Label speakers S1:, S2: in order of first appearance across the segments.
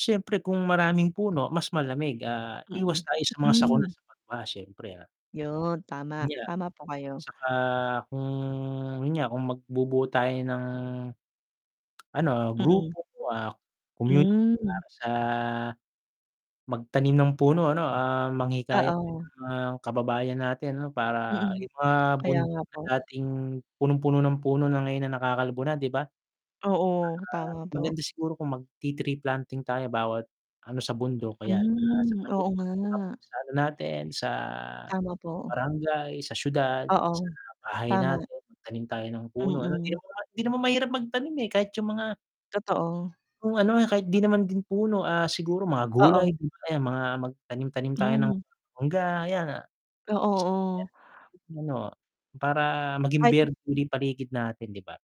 S1: Siyempre kung maraming puno mas malamig, ah, iwas
S2: Mm,
S1: tayo sa mga sakuna,
S2: mm.
S1: sa pagbaha, syempre, ah,
S2: Yun, tama.
S1: yun nga
S2: Tama po kayo.
S1: tsaka kung yun nga, kung magbubuo tayo ng ano,
S2: Mm.
S1: grupo, ah, community
S2: Hmm.
S1: para sa magtanim ng puno ano, ah, manghikayat ng
S2: Oo.
S1: mga kababayan natin 'no. Para
S2: Mm.
S1: yung mga
S2: Kaya
S1: bundok
S2: nga
S1: na
S2: po.
S1: dating punong-puno ng puno na ngayon na nakakalbo na, 'di ba? Tsaka
S2: Oo, tama po.
S1: maganda siguro kung magti-tree planting tayo bawat ano sa bundok kaya
S2: Hmm,
S1: [unintelligible]
S2: oo nga.
S1: sa ano natin sa
S2: Tama po.
S1: barangay, sa siyudad, sa
S2: Oo,
S1: bahay
S2: tama.
S1: natin, magtanim tayo ng puno ano, hindi
S2: Mm.
S1: naman hindi naman mahirap magtanim, eh, kahit yung mga
S2: Totoo.
S1: yung ano, ah, kahit di naman din puno, ah, siguro mga gulay,
S2: Oo.
S1: ayan mga magtanim-tanim tayo ng
S2: Mm.
S1: mangga 'yan, ah,
S2: Oo, oo.
S1: [unintelligible] ano para maging
S2: Kahit
S1: berde uli yung paligid natin, 'di ba?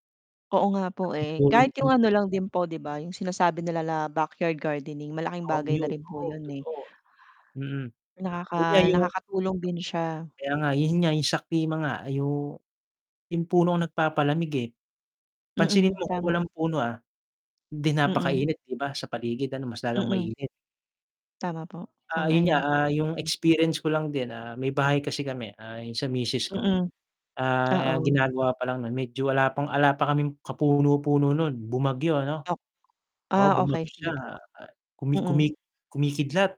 S2: Oo nga po,
S1: Laking
S2: eh.
S1: tulong
S2: Kahit
S1: din
S2: yung
S1: yun.
S2: ano lang din po 'di ba, yung sinasabi nila na backyard gardening, malaking
S1: Oo
S2: bagay na
S1: yun,
S2: rin po
S1: totoo,
S2: yun, eh.
S1: totoo, mm.
S2: Nakaka
S1: Yun nga yung
S2: nakakatulong din siya.
S1: Kaya nga yun nga yung sa klima nga yung yung puno ang nagpapalamig, eh. Pansinin
S2: Mm,
S1: mo kung
S2: tama.
S1: walang puno, ah, 'di
S2: Mm.
S1: napakainit 'di ba sa paligid ano, mas lalong
S2: Mm.
S1: mainit.
S2: Tama po.
S1: Ah, yun nga,
S2: Sang-ayon po
S1: ah,
S2: ako
S1: yung
S2: diyan.
S1: experience ko lang din, ah, may bahay kasi kami, ah, yung sa misis ko.
S2: Mm.
S1: Ah,
S2: Oo.
S1: ginagawa pa lang nun, medyo wala pang wala pa kaming kapuno-puno nun bumagyo ano?
S2: Ak
S1: Oo,
S2: ah,
S1: bumagyo
S2: okey. Sige
S1: siya,
S2: po,
S1: ah, kumi
S2: mm.
S1: kumi kumikidlat,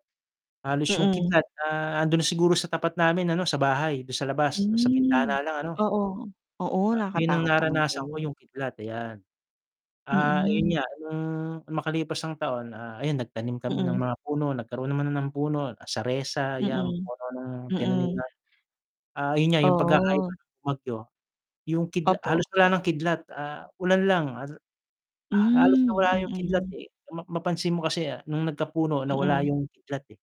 S1: halos yung
S2: Mm.
S1: kidlat, ah, nandun na siguro sa tapat namin ano, sa bahay, dun sa labas, sa
S2: Hmm,
S1: bintana lang ano.
S2: oo. Oo,
S1: Ayan yung
S2: nakatakot naman po
S1: naranasan ko
S2: yun.
S1: yung kidlat, ayan. Ah, ayun
S2: Mm.
S1: nga nung makalipas ang taon, ah, ayun nagtanim kami ng
S2: Mm.
S1: mga puno, nagkaroon naman ng puno, saresa 'yan,
S2: Mm,
S1: puno ng tinanim
S2: mm.
S1: na, ah, ayun nga yung pagkakaiba
S2: Oh.
S1: ng bumagyo, yung kidla
S2: Opo.
S1: halos wala ng kidlat, ah, ulan lang. Hal halos
S2: Hmm,
S1: nawala yung kidlat,
S2: mm.
S1: eh, ma mapansin mo kasi nung nagkapuno nawala
S2: Mm.
S1: yung kidlat ,eh.